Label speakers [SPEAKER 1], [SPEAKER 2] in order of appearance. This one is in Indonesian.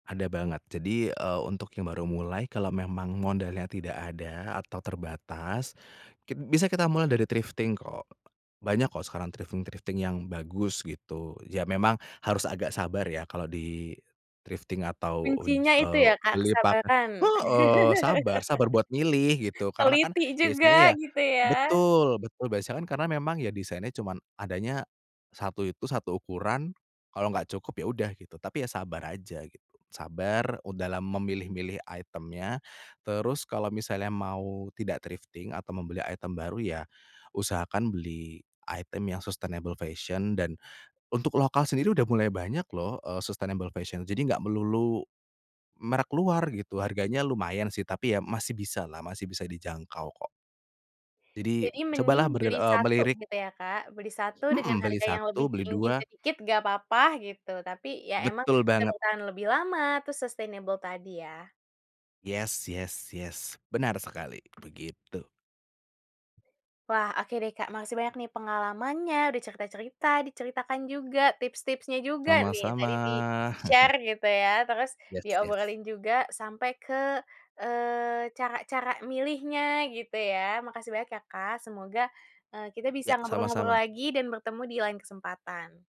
[SPEAKER 1] Ada banget jadi e untuk yang baru mulai kalau memang modalnya tidak ada atau terbatas kit bisa kita mulai dari thrifting kok. Banyak kok sekarang thrifting-thrifting yang bagus gitu, ya memang harus agak sabar ya kalau di trifting atau uj
[SPEAKER 2] Kuncinya
[SPEAKER 1] e
[SPEAKER 2] itu ya Kak,
[SPEAKER 1] beli pak
[SPEAKER 2] kesabaran.
[SPEAKER 1] heeh, sabar sabar buat milih gitu karena kan,
[SPEAKER 2] Teliti
[SPEAKER 1] biasanya
[SPEAKER 2] juga
[SPEAKER 1] ya
[SPEAKER 2] gitu ya?
[SPEAKER 1] betul betul biasanya kan, karena memang ya design-nya cuman adanya 1 itu, 1 ukuran kalau gak cukup ya, udah gitu tapi ya sabar aja gitu, sabar u dalam memilih-milih item-nya terus kalau misalnya mau tidak thrifting atau membeli item baru ya usahakan beli item yang sustainable fashion dan untuk lokal sendiri udah mulai banyak loh e sustainable fashion. Jadi gak melulu merek luar gitu, harganya lumayan sih tapi ya masih bisalah masih bisa dijangkau kok. Jadi
[SPEAKER 2] Jadi mending
[SPEAKER 1] cobalah ber
[SPEAKER 2] beli
[SPEAKER 1] e
[SPEAKER 2] 1
[SPEAKER 1] melirik.
[SPEAKER 2] gitu ya Kak, beli 1 dengan
[SPEAKER 1] Mhm, beli
[SPEAKER 2] harga yang lebih
[SPEAKER 1] 1, beli
[SPEAKER 2] tinggi
[SPEAKER 1] 2.
[SPEAKER 2] sedikit enggak apa-apa gitu, tapi ya emang
[SPEAKER 1] Betul
[SPEAKER 2] bisa
[SPEAKER 1] banget.
[SPEAKER 2] bertahan lebih lama terus sustainable tadi ya.
[SPEAKER 1] Yes, yes, yes benar sekali, begitu.
[SPEAKER 2] Wah, oke deh Kak, masih banyak nih pengalamannya udah cerita-cerita diceritakan juga tips-tipsnya juga nih,
[SPEAKER 1] Sama-sama.
[SPEAKER 2] tadi di-share gitu ya, terus
[SPEAKER 1] Yes yes.
[SPEAKER 2] diobrolin juga sampai ke e cara-cara milihnya gitu ya. Makasih banyak ya Kak semoga e kita bisa
[SPEAKER 1] Iya,
[SPEAKER 2] ngobrol-ngobrol
[SPEAKER 1] sama-sama.
[SPEAKER 2] lagi dan bertemu di lain kesempatan.